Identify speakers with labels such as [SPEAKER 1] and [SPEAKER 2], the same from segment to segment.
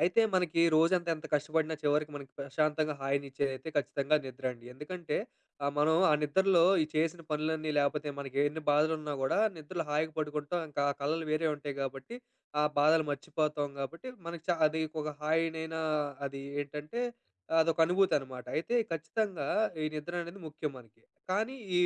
[SPEAKER 1] అయితే, మనకి రోజంత ఎంత కష్టపడినా చివరికి మనకి ప్రశాంతంగా హాయినిచ్చేదైతే ఖచ్చితంగా నిద్రండి. ఎందుకంటే ఆహ్, మనం ఆ నిద్రలో ఈ చేసిన పనులన్నీ లేపోతే మనకెన్ని బాధలున్నా గూడా నిద్రలో హాయిగా పడుకుంటాం. ఇంకా ఆ కలలు వేరే ఉంటాయి గాబట్టి, ఆ బాధలు మర్చిపోతాం గాబట్టి, మనకి చ అది ఒక హాయినైనా అది ఏంటంటే ఆ అదొకనుభూతనమాట. అయితే ఖచ్చితంగా ఈ నిద్ర అనేది ముఖ్యం మనకి. కానీ ఈ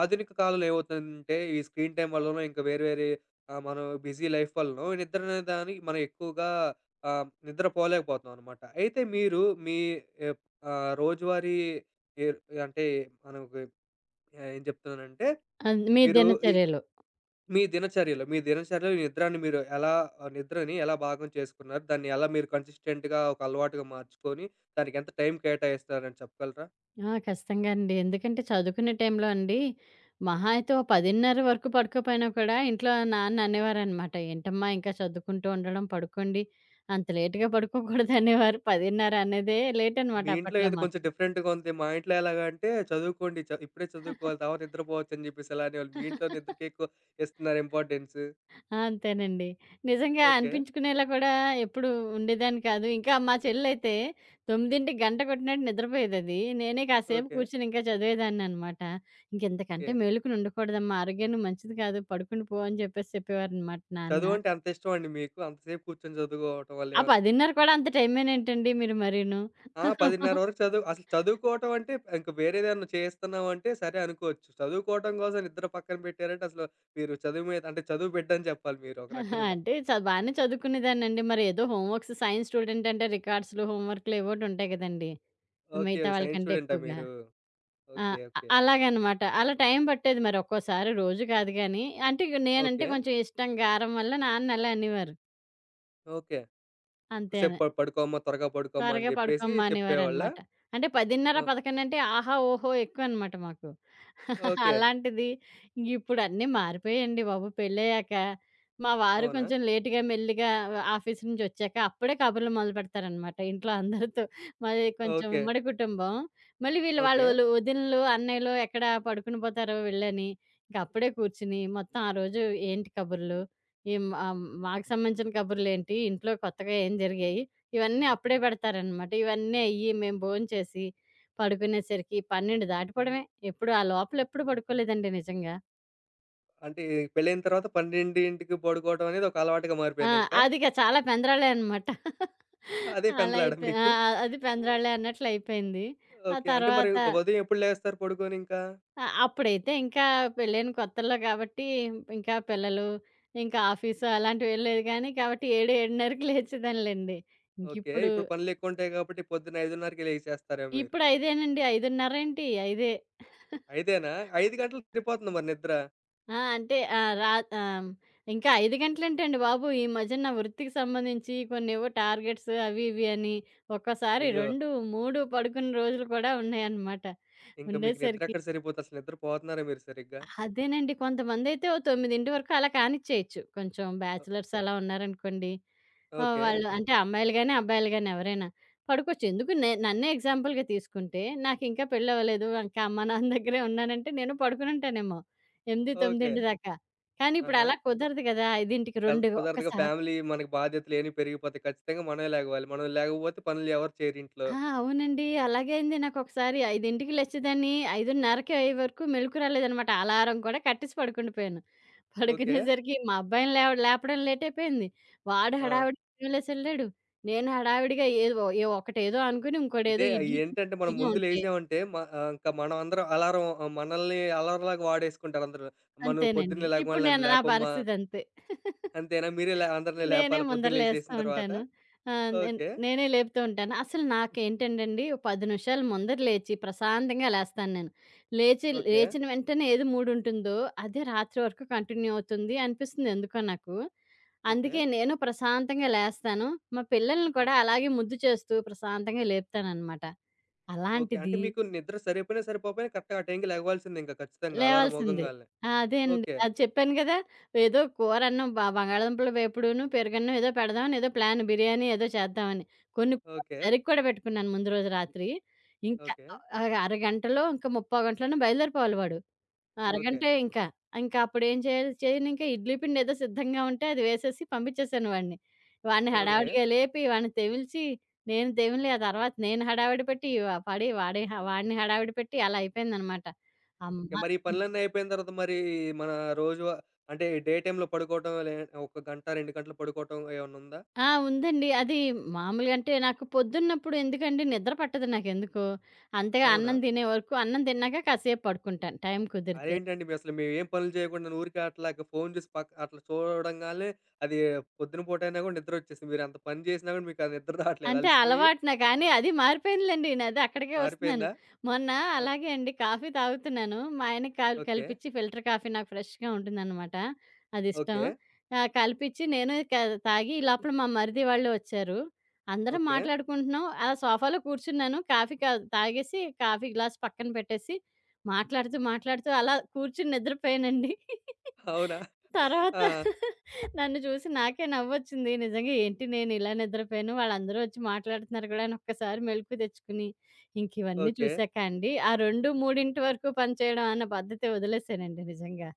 [SPEAKER 1] ఆధునిక కాలంలో ఏవవుతదంటే ఈ స్క్రీన్ టైమ్ వల్లనో ఇంకా వేరే వేరే ఆహ్, మనం బిజీ లైఫ్ వల్లనో నిద్రనే దానికి మనం ఎక్కువగా ఆహ్, నిద్ర పోలేకపోతామనమాట. అయితే మీరు మీ ఎ ఆహ్, రోజువారీ ఎరు అంటే మనం ఒక ఆహ్, ఏం జెప్తున్నానంటే,
[SPEAKER 2] అద్ మీ
[SPEAKER 1] మీరు ఈ
[SPEAKER 2] దినచర్యలు.
[SPEAKER 1] మీ దినచర్యలో, మీ దినచర్యలో ఈ నిద్రాన్ని మీరు ఎలా ఆ నిద్రని ఎలా భాగం చేసుకున్నారు? దాన్ని ఎలా మీరు కన్సిస్టెంట్‌గా ఒక అలవాటుగా మార్చుకొని, దానికి ఎంత టైమ్ కేటాయిస్తున్నారని చెప్పగలరా?
[SPEAKER 2] ఆ! ఖచ్చితంగా అండి. ఎందుకంటే చదువుకునే టైంలో అండి, మహా అయితే ఓహ్! 10:30 వరకు పడుకోపోయినా కూడా ఇంట్లో నాన్న అనేవారనమాట. ఎంటమ్మా ఇంకా చదువుకుంటూ ఉండడం, పడుకోండి. అంత లేట్‌గా పడుకోకూడదనేవారు. 10:30 అన్నదే లేటనమాట
[SPEAKER 1] మీ ఇంట్లో
[SPEAKER 2] అప్పట్లో
[SPEAKER 1] ఏదొ
[SPEAKER 2] మాకు.
[SPEAKER 1] కొంచెం డిఫరెంట్‌గా ఉందె. మా ఇంట్లో ఎలాగంటే, చదువుకోండి చ ఇప్పుడే చదువుకోవాలి. తవత నిద్రపోవచ్చని చెప్పేసి అలానేవాళు. మీ ఇంట్లో నిద్రకెక్కువ ఇస్తన్నారు ఇంపార్టెన్స్.
[SPEAKER 2] ఆ! అంతేనండి. నిజంగా
[SPEAKER 1] ఓకే.
[SPEAKER 2] అనిపించుకునేలా గూడా ఎప్పుడు ఉండేదాన్ని కాదు. ఇంకా మా చెల్లయితే 9కి గంట కొట్టినట్టు నిద్రపోయేదది. నేనే కాసేపు
[SPEAKER 1] ఓకే.
[SPEAKER 2] కూర్చొని ఇంకా చదివేదాన్ననమాట. "ఇంక ఇంతకంటే
[SPEAKER 1] ఓకే.
[SPEAKER 2] మేలుకొని ఉండకూడదమ్మా, ఆరోగ్యానికి మంచిది కాదు, పడుకుండి పో" అని జెప్పేసి చెప్పేవారనమాట నాన్న.
[SPEAKER 1] చదువంటే అంతిష్టమండి మీకు? అంతసేపు కూర్చొని చదువుకోవటం వల్లే
[SPEAKER 2] ఆ
[SPEAKER 1] ఏమన్నా
[SPEAKER 2] 10:30 కూడా అంత టైమేనేంటండి మీరు మరీను?
[SPEAKER 1] ఆ! 10:30 వరకు చదువు అసల చదువుకోవటం అంటే ఇంక వేరే దేదన్నా చేయస్తన్నాామంటే సరే అనుకోవచ్చు. చదువుకోటం కోసం నిద్ర పక్కన పెట్టారంటే, అసల మీరు చదువు మీద అంటే చదువు బిడ్డని జెప్పాలి మీరొక రకంగా.
[SPEAKER 2] అంటే చ బానే చదువుకునేదాన్నండి. మరి ఏదో హోమ్‌వర్క్స్, సైన్స్ స్టూడెంట్ అంటే రికార్డ్స్‌లు, హోమ్‌వర్క్‌లు ఎవోటి ఉంటాయి గదండి.
[SPEAKER 1] ఓకే.
[SPEAKER 2] మిగతా వాళ్ళ
[SPEAKER 1] సైన్స్
[SPEAKER 2] కంటే
[SPEAKER 1] స్టూడెంటా
[SPEAKER 2] ఎక్కువగా.
[SPEAKER 1] మీరు?
[SPEAKER 2] ఆ!
[SPEAKER 1] ఓకే. ఓకే.
[SPEAKER 2] అలాగనమాట. అలా టైం బట్టేది మరి ఒక్కోసారి, రోజు గాదు గానీ, అంటే ఇగా నేనంటే
[SPEAKER 1] ఓకే.
[SPEAKER 2] కొంచెం ఇష్టం, గారం వల్ల నాన్న అలా అనేవారు.
[SPEAKER 1] ఓకే. "ఎక్కువ సేపు
[SPEAKER 2] అంతేనే.
[SPEAKER 1] ప పడుకోమ్మా, త్వరగా పడుకోమ్మా" అని
[SPEAKER 2] త్వరగా
[SPEAKER 1] జెప్పేసి
[SPEAKER 2] పడుకోమ్మా
[SPEAKER 1] చెప్పేవాళ్ళా?
[SPEAKER 2] అనేవారనమాట. అంటే పదిన్నర,
[SPEAKER 1] ఓ
[SPEAKER 2] పదకొండు అంటే ఆహా! ఓహో! ఎక్కువనమాట మాకు.
[SPEAKER 1] ఓకే.
[SPEAKER 2] అలాంటిది ఇప్పుడన్నీ మారిపోయాయండి బాబు, పెళ్లయ్యాక. మా వారు
[SPEAKER 1] అవునా!
[SPEAKER 2] కొంచెం లేట్‌గా మెల్లిగా ఆఫీసు నుంచొచ్చాక అప్పుడే కబుర్లు మొదలుపెడతారనమాట ఇంట్లో అందరితో. మాది కొంచెం
[SPEAKER 1] ఓకే.
[SPEAKER 2] ఉమ్మడి కుటుంబం. మళ్లీ వీళ్లు, వాళ్లు,
[SPEAKER 1] ఓకే.
[SPEAKER 2] వదినలు, అన్నయ్యలు ఎక్కడ పడుకునిపోతారో వెళ్లని, ఇంక అప్పుడే కూర్చొని మొత్తం ఆ రోజు ఏంటి కబుర్లు, ఈం ఆహ్, హ్మ్, మాకు సంబంధించిన కబుర్లేంటి, ఇంట్లో కొత్తగా ఏం జరిగాయి ఇవన్నీ అప్పుడే పెడతారనమాట. ఇవన్నీ అయ్యి మేము బోం చేసి పడుకునేసరికి 12 దాటిపోవడమే. ఎప్పుడు ఆ లోపలెప్పుడు పడుకోలేదండి నిజంగా.
[SPEAKER 1] అంటే పెళ్ళయిన తర్వాత 12కి పడుకోవడం అనేది ఒక అలవాటుగా
[SPEAKER 2] ఆ!
[SPEAKER 1] మారిపోయింది ఇంకా.
[SPEAKER 2] అదిగా చాలా పెంద్రాలే అనమాట.
[SPEAKER 1] అదే
[SPEAKER 2] అలా
[SPEAKER 1] పెందులాడ
[SPEAKER 2] అయిపోయి ఆ!
[SPEAKER 1] మీకు.
[SPEAKER 2] అది పెందరాళ్ళే అన్నట్లయిపోయింది. ఆ
[SPEAKER 1] ఓకే. అంటే మరి
[SPEAKER 2] తర్వాత
[SPEAKER 1] ఉదయం ఎప్పుడు లేస్తారు పడుకొని ఇంకా?
[SPEAKER 2] ఆ! అప్పుడైతే ఇంకా పెళైన కొత్తల్లో కాబట్టి ఇంకా పిల్లలు, ఇంకా ఆఫీసు అలాంటివేం లేదు గానీ కాబట్టి 7, 7:30కి లేచేదానిలెండి.
[SPEAKER 1] ఓకే.
[SPEAKER 2] ఇంకిప్పుడు
[SPEAKER 1] ఇప్పుడు పనులెక్కువ ఉంటాయి కాబట్టి పొద్దున 5:30కే లెగిసాస్తారేమో మీరు?
[SPEAKER 2] ఇప్పుడు ఐదేనండి. ఐదున్నరేంటి ఐదే.
[SPEAKER 1] ఐదేనా? 5 గంటలు తిరిపోతుంద మరి నిద్ర.
[SPEAKER 2] ఆ! అంటే ఆహ్, రా ఆహ్, ఇంకా 5 గంటలుంటేండి బాబు, ఈ మధ్యన నా వృత్తికి సంబంధించి కొన్నేవో టార్గెట్స్ అవి, ఇవి అని ఒక్కోసారి
[SPEAKER 1] అయ్యో!
[SPEAKER 2] 2, 3 పడుకున్న రోజులు కూడా ఉన్నాయనమాట.
[SPEAKER 1] ఇంకా మీకు
[SPEAKER 2] ఉండేసరికి
[SPEAKER 1] నిద్రెక్కడ సరిపోద్ది? అసలు నిద్ర పోతున్నారా మీరు సరిగ్గా?
[SPEAKER 2] అదేనండి. కొంతమందైతే ఓ 9 వరకు అలా కానిచ్చేయొచ్చు. కొంచెం
[SPEAKER 1] ఓ
[SPEAKER 2] బ్యాచిలర్స్ అలా ఉన్నారనుకోండి. ఆహ్,
[SPEAKER 1] ఓకే.
[SPEAKER 2] వాళ్ళు అంటే అమ్మాయిలు గాని, అబ్బాయిలు గాని ఎవరైనా, పడుకోవచ్చు. ఎందుకు నే నన్నే ఎగ్జాంపుల్‌‌గా తీసుకుంటే నాకింకా పెళ్ళవ్వలేదు. ఇంకా అమ్మా, నాన్న దగ్గరే ఉన్నానంటే నేనూ పడుకునుంటానేమో! ఎనిమిది
[SPEAKER 1] ఓకే.
[SPEAKER 2] తొమ్మిదింటి దాకా. కానీ ఇప్పుడు
[SPEAKER 1] ఆహా!
[SPEAKER 2] అలా కుదరదు గదా! 5కి
[SPEAKER 1] కన్
[SPEAKER 2] 2
[SPEAKER 1] కుదరదుగా.
[SPEAKER 2] ఒక్కసారి
[SPEAKER 1] ఫ్యామిలీ మనకు బాధ్యతలియన్ని పెరిగిపోతాయి. ఖచ్చితంగా మనమే లెగవాలి. మనం లెగవకపోతే పనులు ఎవరు చేయరింట్లో.
[SPEAKER 2] ఆ! అవునండి. అలాగే అయింది నాకొకసారి. 5కి లేచేదాన్ని. 5:30కి అయ్యే వరకు మెలుకు రాలేదనమాట. అలారం కూడా కట్టేసి పడుకుండిపోయాను.
[SPEAKER 1] ఓకే.
[SPEAKER 2] పడుకునేసరికి మా అబ్బాయిని లేవ- లేపడం లేటైపోయింది. వాడు
[SPEAKER 1] ఆ!
[SPEAKER 2] హడావిడిగా లేసెళ్ళాడు. నేను హడావిడిగా ఏది ఓ ఏ ఒకటేదో అనుకుని ఇంకొటేదో
[SPEAKER 1] ఇదే.
[SPEAKER 2] ఇడ్లీపిండి
[SPEAKER 1] ఏంటంటే మనం
[SPEAKER 2] రెడీగా
[SPEAKER 1] ముందు
[SPEAKER 2] ఉంటే
[SPEAKER 1] లేసామంటే, మ ఆహ్, ఇంకా మనం అందరం అలారం ఆహ్, మనల్ని అలరంలాగా వాడేసుకుంటారుందరు. అమ్మ నువ్వు
[SPEAKER 2] అంతేనండి.
[SPEAKER 1] పొద్దున్నే
[SPEAKER 2] ఇప్పుడు
[SPEAKER 1] లెగవగాలనే నన్ను
[SPEAKER 2] నేను నా
[SPEAKER 1] లేపమ్మా.
[SPEAKER 2] పరిస్థితంతే.
[SPEAKER 1] అంతేనా? మీరే లే అందరిని
[SPEAKER 2] నేనే
[SPEAKER 1] లేపాలా పొద్దున
[SPEAKER 2] ముందర లేస్తా
[SPEAKER 1] లేసేసిన తర్వాత?
[SPEAKER 2] ఉంటాను. ఆ! నేన్
[SPEAKER 1] ఓకే.
[SPEAKER 2] నేనే లేపుతూ ఉంటాను. అసలు నాకేంటంటండి, ఒక 10 నిమిషాలు ముందర లేచి ప్రశాంతంగా లేస్తాను నేను. లేచి
[SPEAKER 1] ఓకే.
[SPEAKER 2] లేచిన వెంటనే ఏది మూడుంటుందో, అదే రాత్రి వరకు కంటిన్యూ అవుతుంది అనిపిస్తుంది ఎందుకో నాకు. అందుకే
[SPEAKER 1] ఓకే.
[SPEAKER 2] నేనూ ప్రశాంతంగా లేస్తాను. మా పిల్లలని
[SPEAKER 1] ఓహ్!
[SPEAKER 2] కూడా అలాగే ముద్దు చేస్తూ ప్రశాంతంగా లేపుతాననమాట.
[SPEAKER 1] ఓకే. అంటే
[SPEAKER 2] అలాంటిది
[SPEAKER 1] మీకు నిద్ర సరిపోయినా, సరిపోకపోయినా కరెక్ట్‌గా ఆ టైంకి లెగవాల్సిందే, ఇంకా ఖచ్చితంగా. అలారం
[SPEAKER 2] లేవాల్సిందే.
[SPEAKER 1] మోగంగాలినే.
[SPEAKER 2] ఆ! అదే అండి.
[SPEAKER 1] ఓకే.
[SPEAKER 2] అది చెప్పాను గదా! ఏదో కూరన్నాం బ బంగాళదుంపల వేపుడును, పెరుగన్నాం ఏదో పెడదాం ఏదో ప్లాను. బిర్యానీ ఏదో చేద్దావని. కొన్ని కూరలు
[SPEAKER 1] ఓకే.
[SPEAKER 2] తరిగి కూడా పెట్టుకున్నాను ముందు రోజు రాత్రి. ఇంకా
[SPEAKER 1] ఓకే.
[SPEAKER 2] ఒక అర గంటలో ఇంకా ముప్పావు గంటలోనో బయలుదేరిపోవాలి వాడు. ఆ!
[SPEAKER 1] ఓకే.
[SPEAKER 2] అరగంటే ఇంకా. ఇంకప్పుడేం చేయాలి? చేయనింక ఇడ్లీ పిండేదో సిద్ధంగా ఉంటే అది వేసేసి పంపిచ్చేశాను వాడిని. వాడిని
[SPEAKER 1] ఓకే.
[SPEAKER 2] హడావిడిగా లేపి, వాడిని తెవిల్చి, నేను తెమిలి, ఆ తర్వాత నేను హడావిడి పెట్టి, పడి వాడి హా వాడిని హడావిడి పెట్టి అలా అయిపోయిందనమాట. అమ్మ
[SPEAKER 1] ఓకే. మరి ఈ
[SPEAKER 2] హ్మ్.
[SPEAKER 1] పనులన్నీ అయిపోయిన తర్వాత మరి మన రోజు వ అంటే, డే టైమ్‌లో పడుకోవటం, లే ఒక గంట, 2 గంటలు పడుకోవటం ఏవన్నుందా?
[SPEAKER 2] ఆ! ఉందండి. అది మామూలుగంటే నాకు పొద్దున్నప్పుడు ఎందుకండి నిద్ర పట్టదు నాకెందుకో! అంతగా
[SPEAKER 1] అవునా!
[SPEAKER 2] అన్నం తినే వరకు, అన్నం తిన్నాక కాసేపు పడుకుంటాను టైం కుదిరితే.
[SPEAKER 1] అదేంటండి? మీ అసల మేమేం పనులు చేయకుండా, ఊరికే అట్లాగా ఫోను చూసి పక్క అట్లా చూడంగాలినే అది పొద్దున పూటైనా గూడా నిద్రొచ్చేసిద్ది. మీరెంత పని చేసినా గూడా మీకది నిద్ర రాట్లేదా
[SPEAKER 2] అంటే
[SPEAKER 1] అలిసిపోయి?
[SPEAKER 2] అలవాటున గానీ అదీ మారిపోయిందిలెండి. న అది అక్కడికే ఒస్తున్నాను.
[SPEAKER 1] మారిపోయిందా?
[SPEAKER 2] మొన్న
[SPEAKER 1] ఓకే.
[SPEAKER 2] అలాగే అండి, కాఫీ తాగుతున్నాను. మా ఆయనకి కల్
[SPEAKER 1] ఓకే.
[SPEAKER 2] కలిపిచ్చి ఫిల్టర్ కాఫీ నాకు ఫ్రెష్‌గా ఉంటుందనమాట. అదిష్టం.
[SPEAKER 1] ఓకే.
[SPEAKER 2] ఆహ్, కలిపిచ్చి, నేను కా తాగి ఈ లోపల మా మరిది వాళ్ళు ఒచ్చారు. అందరం
[SPEAKER 1] ఓకే.
[SPEAKER 2] మాట్లాడుకుంటున్నాం. అలా సోఫాలో కూర్చున్నాను. కాఫీ కా తాగేసి కాఫీ గ్లాస్ పక్కన పెట్టేసి, మాట్లాడుతూ, మాట్లాడుతూ అలా కూర్చొని నిద్రపోయానండి.
[SPEAKER 1] అవునా!
[SPEAKER 2] తర్వాత
[SPEAKER 1] ఆ!
[SPEAKER 2] నన్ను చూసి నాకే నవ్వొచ్చింది. నిజంగా ఏంటి నేనిలా నిద్రపోయాను. వాళ్ళందరొచ్చి మాట్లాడుతున్నారు గూడాను. ఒక్కసారి మెలుకు తెచ్చుకొని, ఇంక ఇవన్నీ
[SPEAKER 1] ఓకే.
[SPEAKER 2] చూసాక అండి, ఆ 2, 3 వరకు పనిచేయడం అన్న పద్ధతి వదిలేశానండి నిజంగా.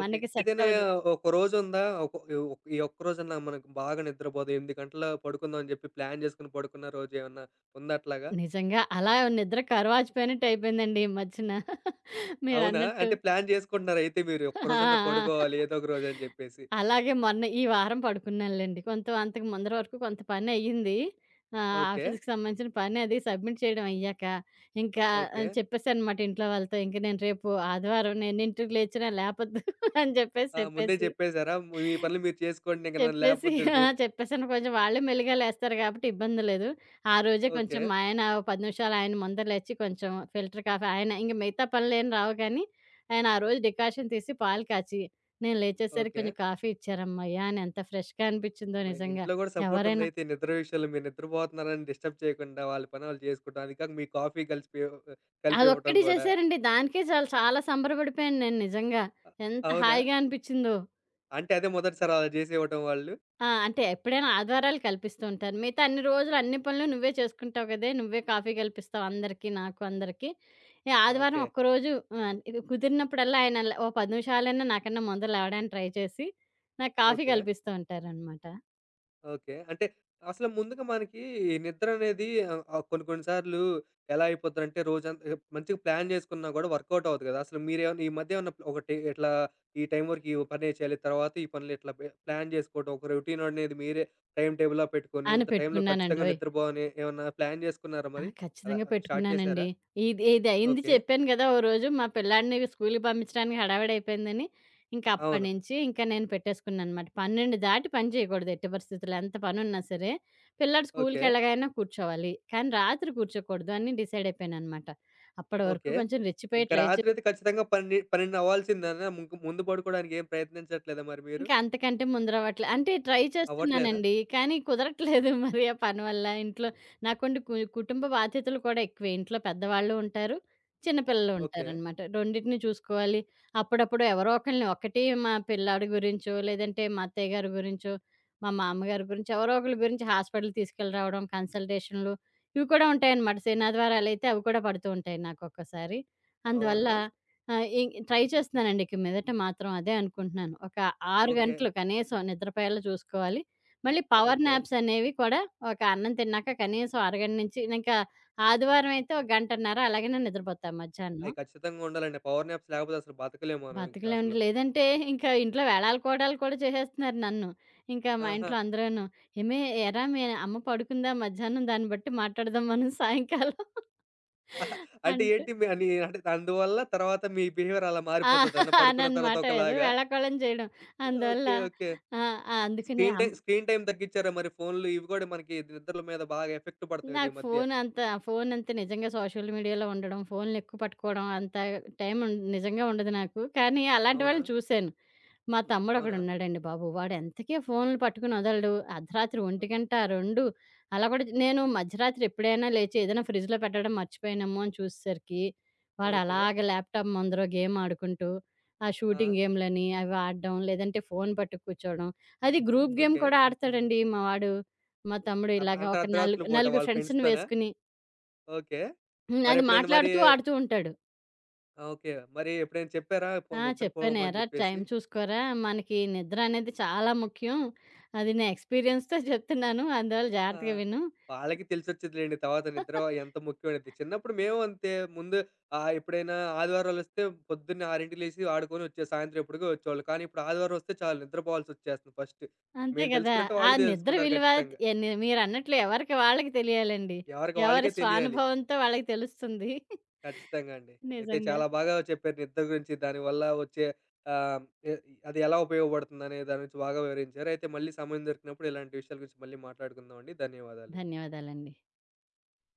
[SPEAKER 1] ఓకే.
[SPEAKER 2] మనకి
[SPEAKER 1] ఏదైనా
[SPEAKER 2] సెట్టవ్వదు.
[SPEAKER 1] ఒక రోజుందా? ఒక ఒ ఈ ఒక్క రోజన్నా మనకు బాగా నిద్రపోదం. 8 గంటల పడుకుందాం అని చెప్పి, ప్లాన్ జేసుకొని పడుకున్న రోజేవన్నా ఉందా అట్లాగా?
[SPEAKER 2] నిజంగా. అలా నిద్రకు కరువాచిపోయినట్టు అయిపోయిందండి ఈ మధ్యన.
[SPEAKER 1] అవునా!
[SPEAKER 2] మీరన్నట్టు.
[SPEAKER 1] అంటే ప్లాన్ జేసుకుంటున్నారు అయితే మీరు, ఈ
[SPEAKER 2] ఆ! ఆ!
[SPEAKER 1] ఒక్కరోజన్నా పడుకోవాలి ఏదో ఒక రోజు అని జెప్పేసి.
[SPEAKER 2] అలాగే మొన్న ఈ వారం పడుకున్నానులెండి. కొంత అంతకు ముందర వరకు కొంత పనయ్యింది. ఆహ్,
[SPEAKER 1] ఓకే.
[SPEAKER 2] ఆఫీస్‌కి సంబంధించిన పనది సబ్మిట్ చేయడం అయ్యాక, ఇంకా
[SPEAKER 1] ఓకే.
[SPEAKER 2] చెప్పేసానమాట ఇంట్లో వాళ్ళతో. ఇంక నేను రేపు ఆదివారం, నేనెన్నింటికి లేచినా లేపొద్దు అని చెప్పేసి,
[SPEAKER 1] ఆ! ముందే
[SPEAKER 2] చెప్పేసి,
[SPEAKER 1] జెప్పేసారా? మీ పనులు మీరు చేసుకోండి, ఇంక నన్ను
[SPEAKER 2] చెప్పేసి
[SPEAKER 1] లేపొద్దని.
[SPEAKER 2] ఆ!
[SPEAKER 1] రె
[SPEAKER 2] చెప్పేసాను. కొంచెం వాళ్ళే మెల్లిగా లేస్తారు గాబట్టి, ఇబ్బంది లేదు. ఆ రోజే కొంచెం
[SPEAKER 1] ఓకే.
[SPEAKER 2] మా ఆయన 10 నిమిషాలు ఆయన ముంద లేచి, కొంచెం ఫిల్టర్ కాఫీ ఆయన ఇంక మిగతా పనులేమి రావు గానీ, ఆయన ఆ రోజు డికాషన్ తీసి, పాలు కాచి, నేను లేచేసరికి
[SPEAKER 1] ఓకే.
[SPEAKER 2] కొంచెం కాఫీ ఇచ్చారమ్మయ్యా! అనెంత ఫ్రెష్‌గా అనిపిచ్చిందో
[SPEAKER 1] అమ్మ!
[SPEAKER 2] నిజంగా.
[SPEAKER 1] ఇంట్లో గూడా
[SPEAKER 2] ఎవరైనా
[SPEAKER 1] సపోర్టుందయితే నిద్ర విషయలో. మీరు నిద్రపోతున్నారని డిస్టర్బ్ చేయకుండా వాళ్ళ పని ఆళ్ళు జేసుకుంటా. అదికాక మీ కాఫీ కలిసిపియో ఒక కలిపివ్వటం
[SPEAKER 2] అదొక్కటి
[SPEAKER 1] గూడా.
[SPEAKER 2] చేశారండి. దానికే చాలు. చాలా సంబరపడిపోయాను నేను నిజంగా.
[SPEAKER 1] అ
[SPEAKER 2] ఎంత
[SPEAKER 1] అవునా!
[SPEAKER 2] హాయిగా అనిపిచ్చిందో!
[SPEAKER 1] అంటే అదే మొదటిసారా అలా చేసివ్వటం వాళ్ళు?
[SPEAKER 2] ఆ! అంటే ఎప్పుడైనా ఆదివారాలు కల్పిస్తూ ఉంటారు. మిగతా అన్ని రోజులు అన్ని పనులు నువ్వే చేసుకుంటావు కదే! నువ్వే కాఫీ కల్పిస్తావు అందరికీ, నాకు అందరికీ. ఆదివారం
[SPEAKER 1] ఓకే.
[SPEAKER 2] ఒక్కరోజు ఆహ్, కుదిరినప్పుడల్లా ఆయనలా ఒక 10 నిమిషాలైనా నాకన్నా ముందర లేవడానికి ట్రై చేసి, నాకు కాఫీ
[SPEAKER 1] ఓకే.
[SPEAKER 2] కల్పిస్తూ ఉంటారనమాట.
[SPEAKER 1] ఓకే. అంటే అసలు ముందుగా మనకి ఈ నిద్ర అనేది ఆహ్, ఆహ్ కొన్ని కొన్ని సార్లు ఎలా అయిపోద్దంటే రోజంతా మంచిగా ప్లాన్ చేసుకున్నా కూడా వర్కౌట్ అవ్వదు కదా! అసలు మీరేమన్నా ఈ మధ్య ఏమన్నా ఒకటి ఇట్లా ఈ టైం వరకు ఈ పనే చేయాలి, తర్వాత ఈ పనులు ఇట్లా బే ప్లాన్ చేసుకోవడం, ఒక రొటీన్ అనేది మీరే టైమ్ టేబుల్‌లా పెట్టుకొని
[SPEAKER 2] అను
[SPEAKER 1] ఇంత టైంలో ఖచ్చితంగా
[SPEAKER 2] పెట్టుకున్నానండోయ్!
[SPEAKER 1] నిద్రపోవాలి అని ఏమన్నా ప్లాన్ చేసుకున్నారా
[SPEAKER 2] ఆ!
[SPEAKER 1] మరి? అలా
[SPEAKER 2] ఖచ్చితంగా
[SPEAKER 1] స్టార్ట్
[SPEAKER 2] పెట్టుకున్నానండి.
[SPEAKER 1] చేశారా?
[SPEAKER 2] ఇది ఇది అయింది
[SPEAKER 1] ఓకే.
[SPEAKER 2] చెప్పాను కదా! ఓ రోజు మా పిల్లాడిని స్కూలుకి పంపించడానికి హడావిడి అయిపోయిందని, ఇంకా అప్పటి
[SPEAKER 1] అవును.
[SPEAKER 2] నుంచి ఇంకా నేను పెట్టేసుకున్నాననమాట. 12 దాటి పని చేయకూడదు. ఎటు పరిస్థితుల్లో ఎంత పని ఉన్నా సరే! పిల్లోడు
[SPEAKER 1] ఓకే.
[SPEAKER 2] స్కూలుకెళ్లాగానే కూర్చోవాలి. కానీ రాత్రి కూర్చోకూడదు అని డిసైడ్ అయిపోయాననమాట. అప్పటి వరకు
[SPEAKER 1] ఓకే.
[SPEAKER 2] కొంచెం రెచ్చిపోయి
[SPEAKER 1] ఇంకా
[SPEAKER 2] ట్రై చే
[SPEAKER 1] రాత్రైతే ఖచ్చితంగా పన్నె 12 అవ్వాల్సిందేనా? ముగ్గు ముందు పడుకోవడానికి ఏం ప్రయత్నించట్లేదా మరి మీరు?
[SPEAKER 2] ఇంకా అంతకంటే ముందరవట్లే. అంటే ట్రై
[SPEAKER 1] అవ్వట్లేదా?
[SPEAKER 2] చేస్తున్నానండి. కానీ కుదరట్లేదు మరి. ఆ పని వల్ల ఇంట్లో నాకుండి కు కుటుంబ బాధ్యతలు కూడా ఎక్కువే. ఇంట్లో పెద్దవాళ్లు ఉంటారు, చిన్న పిల్లలు
[SPEAKER 1] ఓకే.
[SPEAKER 2] ఉంటారనమాట. రొండిటినీ చూసుకోవాలి. అప్పుడప్పుడు ఎవరో ఒకళ్లని, ఒకటి మా పిల్లాడు గురించో, లేదంటే మా అత్తయ్యగారి గురించో, మా మామగారి గురించో ఎవరో ఒకళ్ల గురించి హాస్పిటల్ తీసుకెళ్లి రావడం, కన్సల్టేషన్లు ఇవి కూడా ఉంటాయనమాట. శననాదివారాలైతే, అవి కూడా పడుతూ ఉంటాయి నాకు ఒక్కోసారి. అందువల్ల
[SPEAKER 1] అవునా!
[SPEAKER 2] ఆహ్, ఈ ట్రై చేస్తున్నానండి. ఇక మీదట మాత్రం అదే అనుకుంటున్నాను. ఒక 6
[SPEAKER 1] ఓకే.
[SPEAKER 2] గంటలు కనీసం నిద్రపోయేలా చూసుకోవాలి. మళ్లీ పవర్
[SPEAKER 1] ఓకే.
[SPEAKER 2] నాప్స్ అనేవి కూడా ఒక అన్నం తిన్నాక కనీసం అరగంట నుంచి, ఇంకా ఆదివారం అయితే ఒక గంటన్నర అలాగేనే నిద్రపోతాం
[SPEAKER 1] అయ్యో!
[SPEAKER 2] మధ్యాహ్నం.
[SPEAKER 1] ఖచ్చితంగా ఉండాలండి. పవర్ నాప్స్ లేకపోతే అసలు బతకలేము మనం ఇంకా
[SPEAKER 2] బతకలేమండి.
[SPEAKER 1] అసలు.
[SPEAKER 2] లేదంటే ఇంకా ఇంట్లో వేలాలు కోలాళ్లు కూడా చేసేస్తున్నారు నన్ను. ఇంకా మా
[SPEAKER 1] ఆహా!
[SPEAKER 2] ఇంట్లో అందరూను, "ఏమే! ఏరా, మీ అమ్మ పడుకుందా మధ్యాహ్నం? దాన్ని బట్టి మాట్లాడదాం మనం సాయంకాలం."
[SPEAKER 1] అంటే
[SPEAKER 2] అంటు
[SPEAKER 1] ఏంటి మీ అంటే అందువల్ల తర్వాత మీ బిహేవియర్ అలా
[SPEAKER 2] ఆ!
[SPEAKER 1] మారిపోతదన్నా? పడుకున్న తర్వాత
[SPEAKER 2] అననమాట ఏదో
[SPEAKER 1] ఒకలాగా?
[SPEAKER 2] వేళాకోళం చేయడం. అందువల్ల
[SPEAKER 1] ఓకే. ఓకే.
[SPEAKER 2] ఆహ్, ఆహ్, అందుకనే
[SPEAKER 1] స్క్రీన్
[SPEAKER 2] అమ్మ
[SPEAKER 1] టైమ్, స్క్రీన్ టైమ్ తగ్గించారా మరి? ఫోన్లు ఇవి కూడా మనకి నిద్రల మీద బాగా ఎఫెక్ట్ పడతాయి కదా ఈ
[SPEAKER 2] నాకు
[SPEAKER 1] మధ్య.
[SPEAKER 2] ఫోన్ అంతా ఫోన్ అంటే నిజంగా సోషల్ మీడియాలో ఉండడం, ఫోన్లు ఎక్కువ పట్టుకోవడం అంత టైం ఉండ్ నిజంగా ఉండదు నాకు. కానీ అలాంటి వాళ్లని
[SPEAKER 1] అవునా!
[SPEAKER 2] చూశాను. మా తమ్ముడు
[SPEAKER 1] అవునా!
[SPEAKER 2] ఒకడున్నాడండి బాబు. వాడు ఎంతకీ ఫోన్లు పట్టుకొని వదలడు. అర్ధరాత్రి 1 2 అలా కూడా నేను మధ్యరాత్రి ఎప్పుడైనా లేచి ఏదైనా ఫ్రిడ్జ్‌లో పెట్టడం మర్చిపోయానేమో అని చూసేసరికి,
[SPEAKER 1] ఓకే.
[SPEAKER 2] వాడలాగా ల్యాప్‌టాప్ ముందర గేమ్ ఆడుకుంటూ ఆ
[SPEAKER 1] ఆ!
[SPEAKER 2] షూటింగ్ గేమ్లని అవి ఆడడం, లేదంటే ఫోను పట్టుక్కుర్చోడం. అది గ్రూప్ గేమ్
[SPEAKER 1] ఓకే.
[SPEAKER 2] కూడా ఆడతాడండి మా వాడు. మా తమ్ముడు
[SPEAKER 1] అ
[SPEAKER 2] ఇలాగ
[SPEAKER 1] అంత
[SPEAKER 2] ఒక నాలుగు
[SPEAKER 1] అర్ధరాత్రి పూట
[SPEAKER 2] నలుగురు
[SPEAKER 1] వాళ్ల
[SPEAKER 2] ఫ్రెండ్స్‌ని
[SPEAKER 1] ఫ్రెండ్స్‌తోనా?
[SPEAKER 2] వేసుకొని
[SPEAKER 1] ఓకే.
[SPEAKER 2] హ్మ్. అది
[SPEAKER 1] మరెప్పుడైనా మరి
[SPEAKER 2] మాట్లాడుతూ, ఆడుతూ ఉంటాడు.
[SPEAKER 1] ఆ! ఓకే. మరి ఎప్పుడైనా చెప్పారా పొ
[SPEAKER 2] ఆ!
[SPEAKER 1] నిద్రపోమని
[SPEAKER 2] "చెప్పానేరా,
[SPEAKER 1] చెప్పేసి?
[SPEAKER 2] టైమ్ చూసుకోరా? మనకి నిద్ర అనేది చాలా ముఖ్యం. అది నా ఎక్స్‌పీరియన్స్‌తో చెప్తున్నాను. అందువల్ల
[SPEAKER 1] ఆ!
[SPEAKER 2] జాగ్రత్తగా విను."
[SPEAKER 1] వాళ్లకి తెలిసొచ్చేదిలెండి. తర్వాత నిద్ర ఎంత ముఖ్యమైనది. చిన్నప్పుడు మేము అంతే. ముందు ఆహ్, ఎప్పుడైనా ఆదివారాలొస్తే పొద్దున్నే 6కి లేసి ఆడుకొని వచ్చే సాయంత్రం ఎప్పుడుకో వచ్చేవాళ్లం. కానీ ఇప్పుడు ఆదివారం వస్తే చాలు నిద్రపోవాల్సొచ్చేస్తుంది ఫస్ట్
[SPEAKER 2] అంతే
[SPEAKER 1] మేము
[SPEAKER 2] కదా!
[SPEAKER 1] తెలుసుకున్నట్టే
[SPEAKER 2] ఆ
[SPEAKER 1] వాళ్లు
[SPEAKER 2] నిద్ర
[SPEAKER 1] తెలుసుకుంటారు
[SPEAKER 2] విలువ
[SPEAKER 1] ఖచ్చితంగా.
[SPEAKER 2] ఎన్ని మీరన్నట్లు ఎవరికి వాళ్ళకి తెలియాలండి.
[SPEAKER 1] ఎవరికి
[SPEAKER 2] ఎవరి
[SPEAKER 1] వాళ్ళకే తెలియాలి.
[SPEAKER 2] స్వానుభవంతో వాళ్ళకి తెలుస్తుంది.
[SPEAKER 1] ఖచ్చితంగా అండి. అయితే
[SPEAKER 2] నిజంగా.
[SPEAKER 1] చాలా బాగా చెప్పారు నిద్ర గురించి దాని వల్ల వచ్చే ఆహ్, ఎ అది ఎలా ఉపయోగపడుతుందనే దాని గురించి బాగా వివరించారు. అయితే మళ్ళీ సమయం దొరికినప్పుడు ఇలాంటి విషయాల గురించి మళ్ళీ మాట్లాడుకుందామండి. ధన్యవాదాలండి.
[SPEAKER 2] ధన్యవాదాలండి.